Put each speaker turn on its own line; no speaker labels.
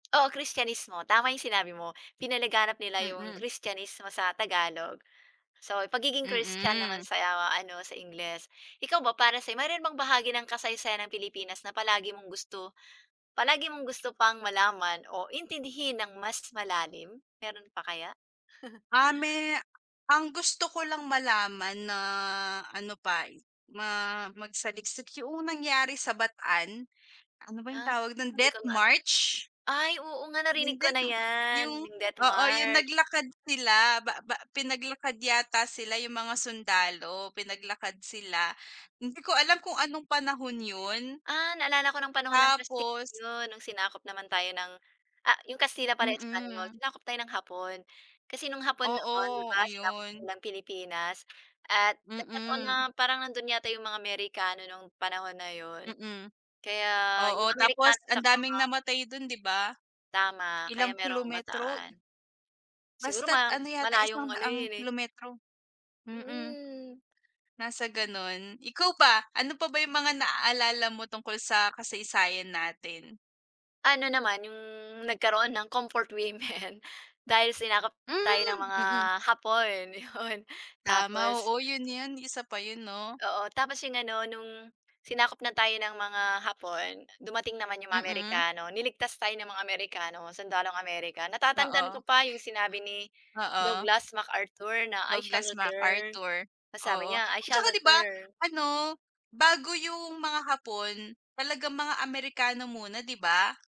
Oo, Kristiyanismo, tama 'yong sinabi mo, pinalaganap nila 'yong
Mm.
Kristiyanismo sa Tagalog. So, pagiging Christian naman
Mm.
sa ano, sa Ingles. Ikaw ba, para sa'yo, mayroon bahagi ng kasaysayan ang Pilipinas na palagi mong gusto palagi mong gusto pang malaman o intindihin ng mas malalim, meron pa kaya?
Ah, me ang gusto ko lang malaman na, ano pa, eh, ma magsaliksik, yoong nangyari sa Bataan. Ano ba yung
Ah,
tawag do'n,
hindi ko
death
maa
march?
ay, oo nga, narinig
Hindi
ko na
'no
yan,
yung
yung death
oo, yung
march.
naglakad sila ba ba pinaglakad yata sila yung mga sundalo, pinaglakad sila, hindi ko alam kung anong panahon 'yon.
Ah, naalala ko no'ng panahon ng Kastil
Tapos
'yon, no'ng sinakop naman tayo ng, ah, 'yong Kastila pala, Espanyol.
Mm.
Sinakop tayo ng Hapon, kasi no'ng Hapon noon, 'di
Oo,
ba, sinakop
ayun.
nila ang Pilipinas at nagkataon na
Mm.
parang nando'n yata 'yong mga Amerikano nong panahon na 'yon.
Mm,
Kaya,
oo,
'yong
tapos
Amerikano,
ang
saka
daming
nga
namatay don, 'di ba.
Tama, kaya
Ilang
merong
kilometro.
Bataan. Siguro
Basta't
ma
ano yata, isang
malayong ano
daang
yun eh.
kilometro. Mm,
Mm.
nasa gano'n. Ikaw ba, ano pa ba yung mga naaalala mo tungkol sa kasaysayan natin?
Ano naman, yung nagkaroon ng comfort women, dahil sinakop,
Hmm,
tayo, ng mga
mm.
hapon, 'yon,
Tama,
tapos
oo, 'yon, 'yon, isa pa 'yon, 'no.
Oo, tapos, 'yong ano, no'ng, sinakop na tayo ng mga Hapon, dumating naman 'yong mga
Mm.
Amerikano. Niligtas tayo ng mga Amerikano, sundalong America. Natatandaan ko
Oo.
pa 'yong sinabi ni
Oo.
Douglas MacArthur na, "I shall
Douglas
return",
MacArthur,
tas sabi
oo,
niya, "I shall
tsaka. 'Di ba,
return".
ano, bago yung mga Hapon, talagang mga Amerikano muna, 'di ba?